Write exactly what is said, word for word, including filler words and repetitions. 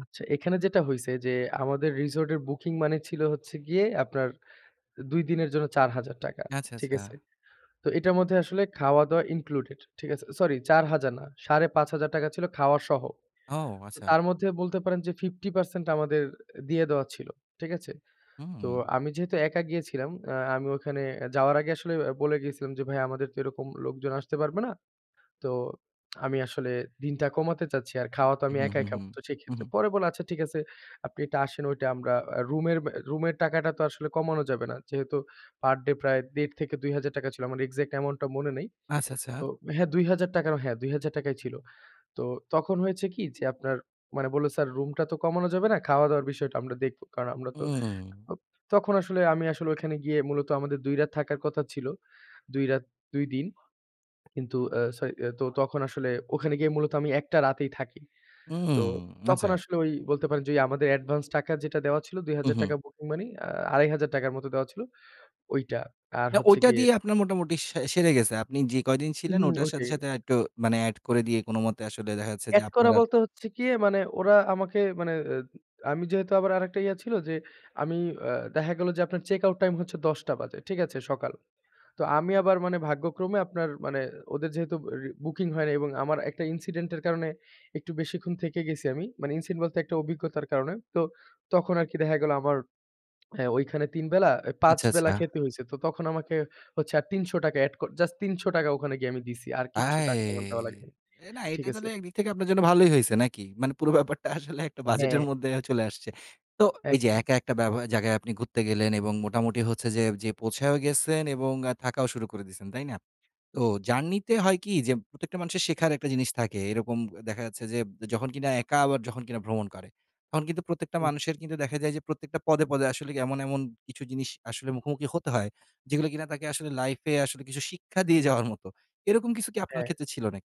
আচ্ছা এখানে যেটা হইছে যে আমাদের রিসোর্টের বুকিং money ছিল হচ্ছে গিয়ে আপনার দুই দিনের জন্য চার হাজার টাকা। আচ্ছা, ঠিক আচ্ছা। আছে? তো এটার মধ্যে আসলে খাওয়া-দাওয়া ইনক্লুডেড। ঠিক আছে? সরি চার হাজার না সাড়ে পাঁচ হাজার টাকা ছিল খাওয়া সহ। ও আচ্ছা। তার মধ্যে বলতে পারেন যে ফিফটি পার্সেন্ট আমাদের দিয়ে দেওয়া ছিল। ঠিক আছে? তো উম আমি যেহেতু একা গিয়েছিলাম আ আমি ওখানে যাওয়ার আগে আসলে বলে গিয়েছিলাম যে "ভাই আমাদের তো এরকম লোকজন আসতে পারবে না। তো আমি আসলে দিনটা কমাতে চাচ্ছি। আর খাওয়া তো আমি হুম, একাই হুম, হুম, খাবো তো হুম, সেক্ষেত্রে।" হুম। পরে বলে "আচ্ছা ঠিক আছে আপনি এটা আসেন ওইটা আমরা অ্যা রুমের অ্যা রুমের টাকাটা তো আসলে কমানো যাবে না।" যেহেতু পার ডে প্রায় দেড় থেকে দুই হাজার টাকা ছিল আমার এক্সাক্ট অ্যামাউন্টটা মনে নেই। আচ্ছা, আচ্ছা। তো হ্যাঁ দুই হাজার টাকা হ্যাঁ, দুই হাজার টাকাই ছিল। তো তখন হয়েছে কি যে আপনার মানে বলল "স্যার রুমটা তো কমানো যাবে না। খাওয়া-দাওয়ার বিষয়টা আমরা দেখব।" কারণ আমরা তো উম উপ তখন আসলে আমি আসলে ওই খানে গিয়ে মূলত আমাদের দুই রাত থাকার কথা ছিল, দুই রাত দুই দিন। কিন্তু আ সরি আ তখন আসলে ওখানে গিয়ে মূলত আমি এক টা রাতেই থাকি। তো উম তখন আচ্চা। আসলে ওই বলতে পারেন যে ওই আমাদের অ্যাডভান্স টাকা যেটা দেওয়া ছিল, দুই হাজার উহু। টাকা বুকিং মানি আড়াই হাজার টাকা মত দেওয়া ছিল ওইটা আর না হচ্ছে ওইটা গিয়ে দিয়ে আপনার মোটামুটি সে সেরে গেছে। আপনি যে কয়দিন ছিলেন উহুম ওটার সাথে, ওইটাই। সাথে আরেকটু মানে অ্যাড করে দিয়ে কোনমতে আসলে দেখা যাচ্ছে যে অ্যাড আপনার করা আর বলতে হচ্ছে কি অ্যা মানে ওরা আমাকে মানে অ্যা আমি যেহেতু আবার আরেকটা ইয়া ছিল যে আমি আ দেখা গেল যে আপনার চেক আউট টাইম হচ্ছে দশ টা বাজে। ঠিক আছে? সকাল তো আমি আবার মানে ভাগ্যক্রমে আপনার মানে ওদের যেহেতু রি বুকিং হয় নাই এবং আমার একটা incident এর কারণে একটু বেশিক্ষণ থেকে গেছি আমি। মানে ইনসিন বলতে একটা অভিজ্ঞতার কারণে। তো তখন আরকি দেখা গেল আমার হ্যাঁ, ওইখানে তিন বেলা অ্যা পাঁচ আচ্ছা, বেলা আচ্ছা। খেতে হইছে। তো তখন আমাকে হচ্ছে আর তিনশো টাকা অ্যাড কর জাস্ট তিনশো টাকা ওখানে গিয়ে আমি দিছি। আর কিচ্ছু আয় টাকা আমার দেওয়া লাগেনি। এ না এটা ঠিক আছে? তাইলে একদিক থেকে আপনার জন্য ভালোই হইছে নাকি? মানে পুরো ব্যাপারটা আসলে একটা অ্যা হ্যাঁ। বাজেটের মদ্দে অ্যা চলে আসছে। তো এই যে একদম। একা একটা বেবয়া জায়গায় আপনি ঘুরতে গেলেন এবং মোটামুটি হচ্ছে যে পৌঁছায়ও গেছেন এবং আ থাকাও শুরু করে দিয়েছেন। তাই না? তো জার্নিতে হয় কি যে প্রত্যেকটা মানুষের শেখার একটা জিনিস থাকে। এরকম দেখা যাচ্ছে যে যখন কিনা একা আবার যখন কিনা ভ্রমণ করে। তখন কিন্তু প্রত্যেকটা হুম। মানুষের কিন্তু দেখা যায় যে প্রত্যেকটা পদে, পদে আসলে এমন, এমন কিছু জিনিস আসলে মুখোমুখি হতে হয় যেগুলো কিনা তাকে আসলে লাইফ এ আসলে কিছু শিক্ষা দিয়ে যাওয়ার মতো। এরকম কিছু কি আপনার হ্যাঁ। ক্ষেত্রে ছিল নাকি?